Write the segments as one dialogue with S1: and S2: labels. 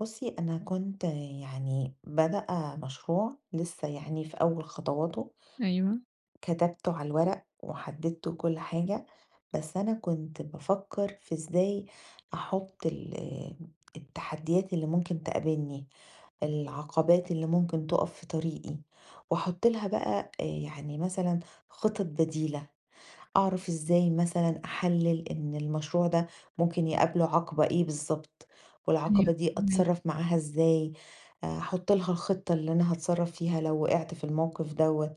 S1: بُصّي، أنا كنت يعني بادئه مشروع لسّه يعني في أول خطواته.
S2: أيوه.
S1: كتبته على الورق وحدِّدته وكل حاجة، بس أنا كنت بافكّر في إزاي أحُط ال التحدّيات اللي ممكن تقابلني، العقبات اللي ممكن تُقَف في طريقي وأحُط لها بقى آآ يعني مثلًا خِطَط بديلة، أعرف إزاي مثلًا أحلِّل إن المشروع ده ممكن يقابله عَقبة إيه بالضبط
S2: أيوه
S1: والعَقبة دي
S2: فاهماكِ.
S1: أتصرّف معاها إزاي، أحُط لها الخِطة اللي أنا هاتصرّف فيها لو وِقِعت في الموقف دوّة.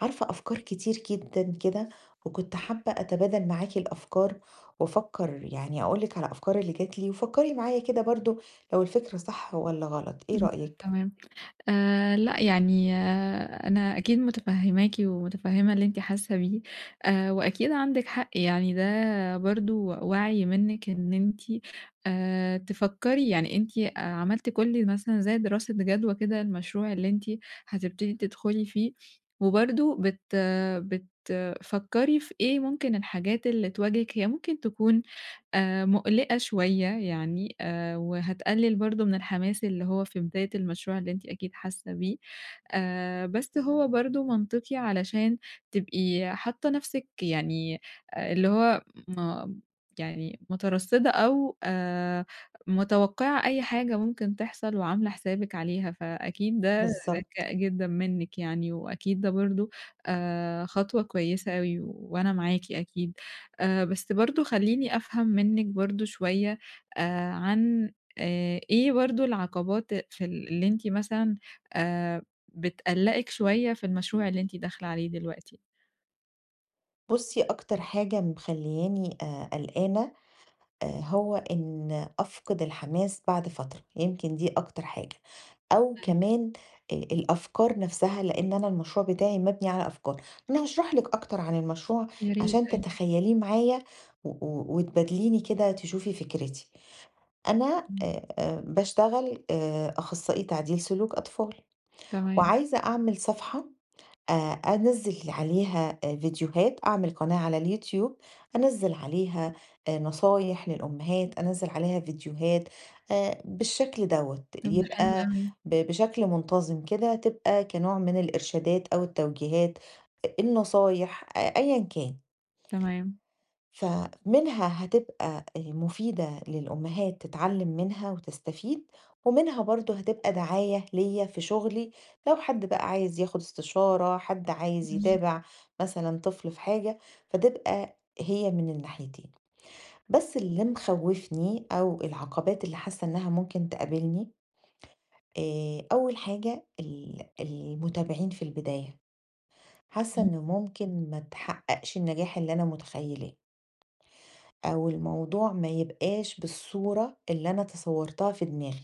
S1: عارفة أفكار كتير جدًا كده وكنت حابّة أتبادل معاكِ الأفكار وأفكّر يعني أقول لِك على الأفكار اللي جات لي وفكّري معايا كده برضه لو الفكرة صح والَّا غلط، إيه
S2: [unintelligible]
S1: رأيِك؟
S2: تمام. آآ لأ، يعني أنا أكيد مُتفهِّماكِ ومُتفهِّمة اللي أنتِ حاسّة بيه آآ وأكيد عندكِ حق يعني ده برضه وَعْي منِّك إن أنتِ آآ تفكّري يعني أنتِ عملتِ كل مثلًا زي دراسة جَدوى كده للمشروع اللي أنتِ هتبتدي تدخُلي فيه وبرضه بت بتفكّري في إيه ممكن الحاجات اللي تواجهِك هي ممكن تكون آآ مُقلِقة شوية يعني آآ وهتقلِّل برضه من الحماس اللي هو في بداية المشروع اللي أنتِ أكيد حاسّة بيه، آآ بس هو برضه منطقي علشان تبقي حاطّة نَفْسِك يعني اللي هو م يعني مُترصِّدة أو آآ متوقَّعة أي حاجة ممكن تحصل وعاملة حسابِك عليها، فأكيد ده
S1: بالضبط.
S2: ذكاء جدًا منِّك يعني، وأكيد ده برضه آآ خطوة كويسة أوي وأنا معاكِ أكيد. آآ بس برضه خلّيني أفهم منِّك برضه شوية آآ عن آآ إيه برضه العقبات في ال اللي أنتِ مثلًا آآ بتقلَّقِك شوية في المشروع اللي أنتِ داخلة عليه دلوقتي؟
S1: بُصي أكتر حاجة مخلّياني آآ قلقانة، آآ هو إن أفقد الحماس بعد فترة، يمكن دي أكتر حاجة، أو
S2: أيوه.
S1: كمان آآ الأفكار نفسها لأن أنا المشروع بتاعي مبْنِي على أفكار. أنا هاشرح لِك أكتر عن المشروع
S2: يا ريت،
S1: عشان
S2: أيوه.
S1: تتخيليه معايا و و وتبادليني كده تشوفي فكرتي؛ أنا
S2: إمم.
S1: آآ آآ باشتغل آآ أخصائي تعديل سلوك أطفال،
S2: تمام.
S1: وعايزة أعمل صفحة آآ أنزِّل عليها آآ فيديوهات أعمل قناة على اليوتيوب أنزِّل عليها آآ نصايح للأمهات، أنزِّل عليها فيديوهات آآ بالشكل دوّة،
S2: طب ده حلو
S1: يبقى
S2: أوي.
S1: ب بشكل منتظم كده تبقى كنوع من الإرشادات، أو التوجيهات، أ النصايح أ أيًّا كان.
S2: تمام.
S1: فمنها هتبقى آآ مفيدة للأمهات تتعلم منها وتستفيد، ومنها برضو هتبقى دعاية ليّا في شغلي لو حد بقى عايز ياخد استشارة، حد عايز
S2: بالض
S1: يتابع مثلًا طفل في حاجة، فتبقى هي من الناحيتين. بس اللي مخوِّفني أو العقبات اللي حاسة إنها ممكن تقابلني، آآ أول حاجة ال المتابعين في البداية، حاسة إنه
S2: تمام.
S1: ممكن ما تحققش النجاح اللي أنا متخيلاه. أو الموضوع ما يبقاش بالصورة اللي أنا تصورتها في دماغي،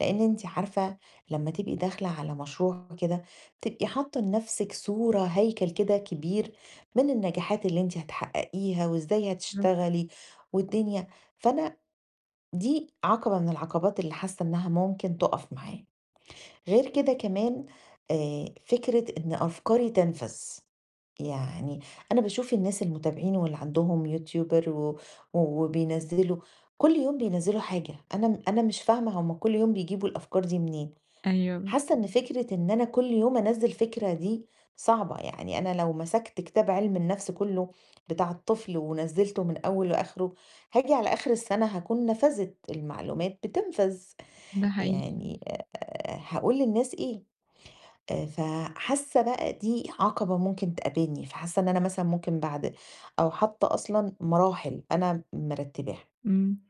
S1: لأن أنتِ عارفة لما تبقي داخلة على مشروع كده بتبقي حاطة لنفسِك صورة، هيكل كده كبير من النجاحات اللي أنتِ هتحققيها، وإزاي
S2: آه.
S1: هتشتغلي، والدنيا فأنا دي عقبة من العقبات اللي حاسة إنها ممكن تُقف معايا، غير كده كمان آآ فكرة إن أفكاري تنفذ، يعني أنا باشوف الناس المتابعين واللي عندهم يوتيوبر و وبينزِّلوا كل يوم بينزِّلوا حاجة، أنا أنا مش فاهمة هُم كل يوم بيجيبوا الأفكار دي منين!
S2: أيوه.
S1: حاسة إن
S2: [unintelligible]
S1: فكرة إن أنا كل يوم أنزِّل فكرة دي صعبة، يعني أنا لو مسكت كتاب علم النفس كله بتاع الطفل ونزِّلته من أوّله لآخره هاجي على آخر السنة هاكون نفذت، المعلومات بتنفذ،
S2: ده حقيقي.
S1: يعني أ أ هاقول للناس إيه؟ آآ ف حاسة بقى دي عقبة ممكن تقابلني، فحاسة إن أنا مثلًا ممكن بعد أو حتى أصلًا مراحل أنا مرتباها.
S2: إمم.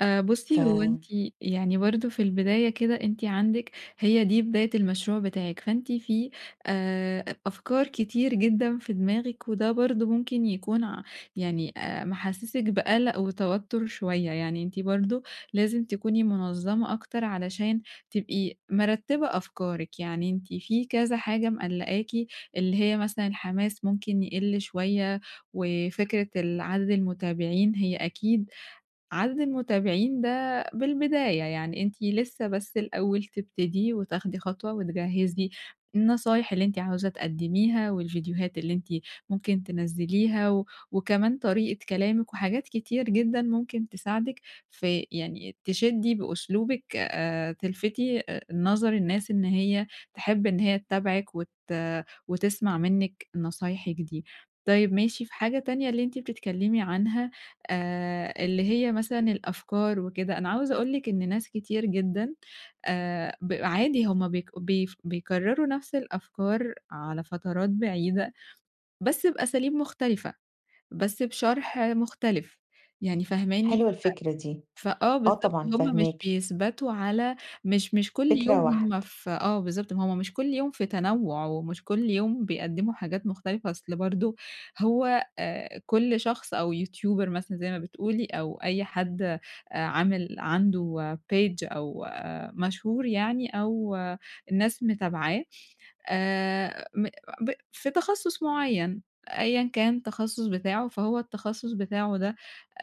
S2: آآ
S1: ف
S2: بُصي هو أنتِ يعني برضو في البداية كده أنتِ عندِك هي دي بداية المشروع بتاعِك، فأنتِ في آآ أفكار كتير جدًا في دماغِك، وده برضو ممكن يكون ع يعني آآ محسّسِك بقلق وتوتر شوية، يعني أنتِ برضو لازم تكوني منظَمة أكتر علشان تبقي مِرتبة أفكارِك، يعني أنتِ فيه كذا حاجة مقلقاكِ، اللي هي مثلًا الحماس ممكن يقلّ شوية وفكرة ال عدد المتابعين هي أكيد عدد المتابعين ده بالبداية، يعني أنتِ لسه بس الأول تبتدي وتاخدي خطوة وتجهِّزي النصايح اللي أنتِ عاوزة تقدميها، والفيديوهات اللي أنتِ ممكن تنزِّليها، و وكمان طريقة كلامِك وحاجات كتير جدًا ممكن تساعدِك في يعني تشدّي بأسلوبِك آآ تلفتي آآ نظر الناس إن هي تحب إن هي تتابعِك، وت وتسمع منِك نصايحِك دي. طيب ماشي في حاجة تانية اللي أنتِ بتتكلمي عنها آآ اللي هي مثلًا الأفكار وكده، أنا عاوزة أقول لِك إن ناس كتير جدًا آآ ب عادي هُم بيك بي بيكرروا نفس الأفكار على فترات بعيدة بس بأساليب مختلفة، بس بشرح مختلف يعني فاهماني،
S1: حلوة الفكرة دي.
S2: ف فآه،
S1: آه
S2: بالضبط،
S1: طبعًا،
S2: هُم مش
S1: فاهماكِ.
S2: بيثبَتوا على مش مش كل يوم
S1: فكرة واحدة.
S2: هُم ف آه بالضبط، ما هُم مش كل يوم في تنوُع، ومش كل يوم بيقدموا حاجات مختلفة. أصل برضو هو آآ كل شخص أو يوتيوبر مثلًا زي ما بتقولي، أو أي حد عامل عنده page أو مشهور يعني، أو الناس متابعاه، آآ م ب في تخصُص معين أيًّا كان التخصُص بتاعه فهو التخصُص بتاعه ده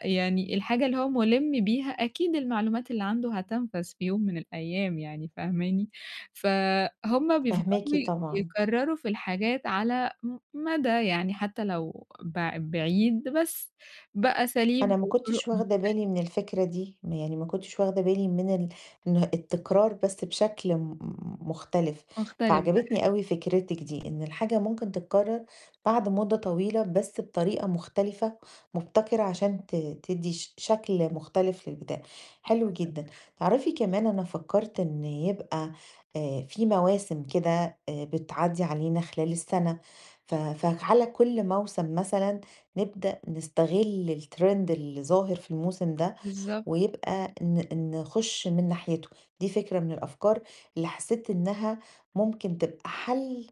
S2: يعني الحاجة اللي هو مُلم بيها، أكيد المعلومات اللي عنده هتنفذ في يوم من الأيام يعني فاهماني، فُهم
S1: فاهماكِ
S2: بيفضَلوا
S1: طبعًا.
S2: يكرروا في الحاجات على م مَدَى يعني حتى لو بع بعيد بس بأساليب
S1: أنا ما
S2: وطرق
S1: كنتش واخدة
S2: مختلفة.
S1: بالي من الفكرة دي، م يعني ما كنتش واخدة بالي من ال من التكرار بس بشكل م مختلف
S2: مختلف، ده
S1: فعجبتني أوي
S2: حقيقي.
S1: فكرتِك دي، إن الحاجة ممكن تتكرر بعد مدة طويلة بس بطريقة مختلفة مبتكرة عشان ت تدّي ش شكل مختلف للبداية، حلو
S2: بالضبط.
S1: جدًا.
S2: [unintelligible]
S1: تعرفي كمان أنا فكرت إن يبقى آآ فيه مواسم كده آآ بتعدي علينا خلال السنة ف فعَلَى كل موسم مثلًا نبدأ نستغل الtrend اللي ظاهر في الموسم ده،
S2: بالضبط.
S1: ويبقى ن نخش من ناحيته، دي فكرة من الأفكار اللي حسيت إنها ممكن تبقى حل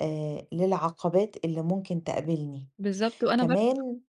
S1: آآ للعقبات اللي ممكن تقابلني،
S2: بالضبط وأنا برضو
S1: كمان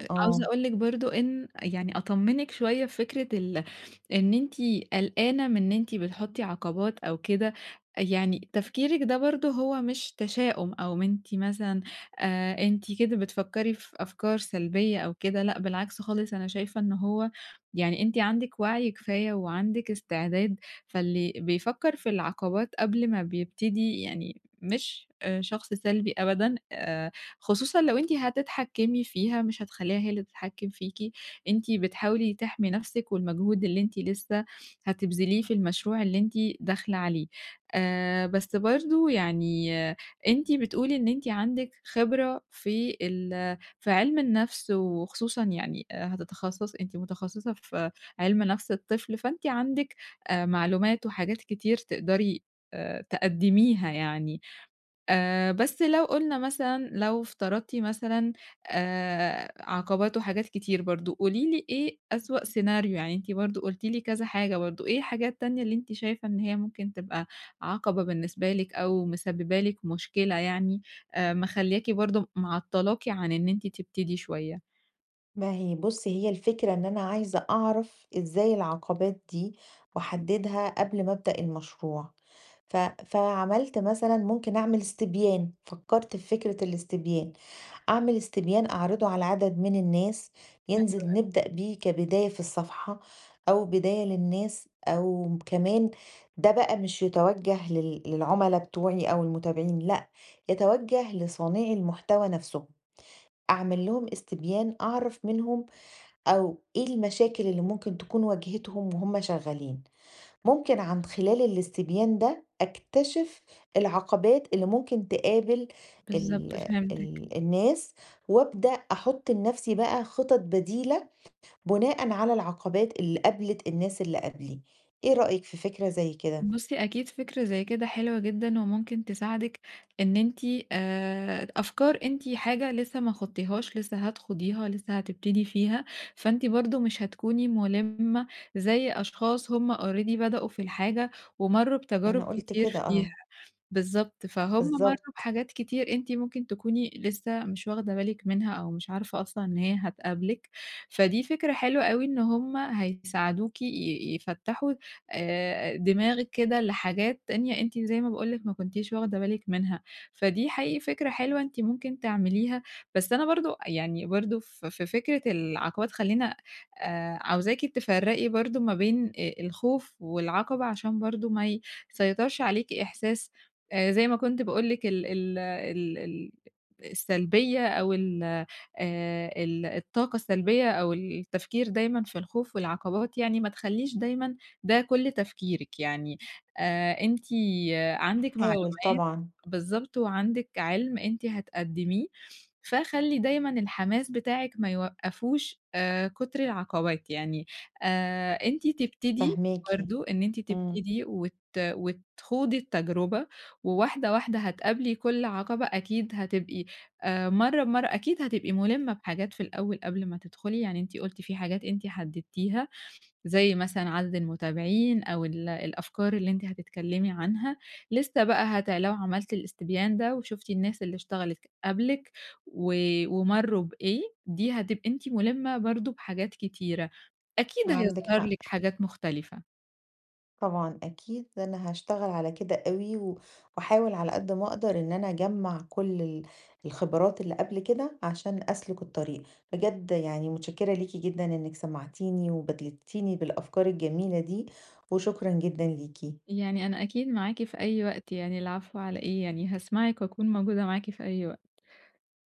S2: أ عاوزة
S1: آه.
S2: أقول لِك برضو إن يعني أطمنِك شوية فكرة ال إن أنتِ قلقانة من إن أنتِ بتحطي عقبات أو كده، يعني تفكيرِك ده برضو هو مش تشاؤم، أو أنتِ مثلًا آآ أنتِ كده بتفكري في أفكار سلبية أو كده، لأ بالعكس خالص أنا شايفة إن هو يعني أنتِ عندِك وعي كفاية وعندِك استعداد، فاللي بيفكّر في العقبات قبل ما بيبتدي يعني مش آآ شخص سلبي أبدًا، آآ خصوصًا لو أنتِ هتتحكمي فيها مش هتخلّيها هي اللي تتحكم فيكِ، أنتِ بتحاولي تحمي نفسِك والمجهود اللي أنتِ لسه هتبذليه في المشروع اللي أنتِ داخلة عليه، آآ بس برضو يعني أنتِ بتقولي إن أنتِ عندِك خبرة في ال في علم النفس، وخصوصًا يعني هتتخصصي أنتِ متخصصة في علم نفس الطفل فأنتِ عندِك آآ معلومات وحاجات كتير تقدري آآ تقدميها يعني، آآ بس لو قُلنا مثلًا لو افترضتِ مثلًا آآ عقبات وحاجات كتير برضو، قولي لي إيه أسوأ سيناريو يعني أنتِ برضو قلتِ لي كذا حاجة برضو، إيه الحاجة التانية اللي أنتِ شايفة إن هي ممكن تبقى عَقبة بالنسبة لِك أو مسببة لِك مشكلة يعني آآ مخلّياكِ برضو معطلاكِ عن إن أنتِ تبتدي شوية؟
S1: ما هي بُصي هي الفكرة إن أنا عايزة أعرف إزاي العقبات دي واحددها قبل ما ابدأ المشروع ف فعملت مثلًا ممكن أعمل استبيان، فكّرت في فكرة الاستبيان، أعمل استبيان أعرضة على عدد من الناس
S2: حلو
S1: ينزل
S2: أوي.
S1: نبدأ بيه كبداية في الصفحة أو بداية للناس أو م كمان ده بقى مش يتَوجة لل للعملا بتوعي أو المتابعين لأ يتَوجه لصانعي المحتوى نفْسهم أعمل لهم استبيان أعرف منهم أو إيه المشاكل اللي ممكن تكون واجهتهم وهُم شغالين ممكن عن خلال الاستبيان ده أكتشف العقبات اللي ممكن تقابل ال
S2: بالضبط فهمتِك.
S1: ال الناس وابدأ أحط لنفسي بقى خطط بديلة بُناءً على العقبات اللي قابلِت الناس اللي قَبلي، إيه رأيِك في فكرة زي كده؟
S2: بُصي أكيد فكرة زي كده حلوة جدًا وممكن تساعدِك إن أنتِ آآ د أفكار أنتِ حاجة لسه ما خُضتيهاش لسه هتخُوضيها لسه هتبتدي فيها، فأنتِ برضه مش هتكوني مُلِمة زي أشخاص هُم already بدأوا في الحاجة ومرّوا بتجارب
S1: أنا قُلت
S2: كتير
S1: كده
S2: فيها.
S1: آه.
S2: بالضبط، فهُم مرّوا
S1: بالضبط.
S2: بحاجات كتير أنتِ ممكن تكوني لسه مش واخدة بالِك منها أو مش عارفة أصلًا إن هي هتقابلِك، فدي فكرة حلوة أوي إن هُم هيساعدوكِ ي يفتّحوا آآ دماغِك كده لحاجات تانية أنتِ زي ما باقول لِك ما كنتيش واخدة بالِك منها فدي حقيقي فكرة حلوة أنتِ ممكن تعمليها. بس أنا برضه أ يعني برضه في في فكرة العقبات خلّينا آآ عاوزاكِ تفرّقي برضه ما بين أ الخوف والعقبة عشان برضه ما ي سيطرش عليكِ إحساس آآ زي ما كنت باقول لِك ال ال ال ال السلبيّة أو ال آآ ال الطاقة السلبيّة أو التفكير دايمًا في الخوف والعقبات يعني ما تخلّيش دايمًا ده كل تفكيرِك. يعني آآ أنتِ عَندِك
S1: هاحاول
S2: معلومات،
S1: طبعًا.
S2: بالضبط، وعَندِك عِلم أنتِ هتقدميه فخلّي دايمًا الحماس بتاعِك ما يوقّفوش آآ كتر العقبات يعني آآ أنتِ تبتدي
S1: فاهماكِ.
S2: برضه إن أنتِ
S1: إمم.
S2: تبتدي وت وتخوضي التجربة وواحدة واحدة هتقابلي كل عقبة أكيد هتبقي آآ مرّة بمرّة أكيد هتبقي مُلِمة بحاجات في الأول قبل ما تدخلي يعني أنتِ قُلتِ في حاجات أنتِ حددتيها زي مثلًا عدد المتابعين أو ال الأفكار اللي أنتِ هتتكلمي عنها لسه بقى هتع لو عملتِ الإستبيان ده وشُفتِ الناس اللي اشتغلِت ك قبلِك و ومرّوا بإيه دي هتبقي أنتِ مُلِمة برضه بحاجات كتيرة أكيد
S1: عَندِك
S2: هيظهر
S1: حق.
S2: لِك حاجات مختلفة.
S1: طبعًا أكيد أنا هاشتغل على كده أوي و واحاول على قد ما اقدر إن أنا اجمّع كل ال الخبرات اللي قبل كده عشان أسلُك الطريق. بجد يعني مُتشكّرة ليكِ جدًا إنِك سمعتينِي وبادلتينِي بالأفكار الجميلة دي وشكرًا جدًا ليكِ.
S2: يعني أنا أكيد معاكِ في أي وقت يعني العفو على إيه يعني هاسمعِك واكون موجودة معاكِ في أي وقت.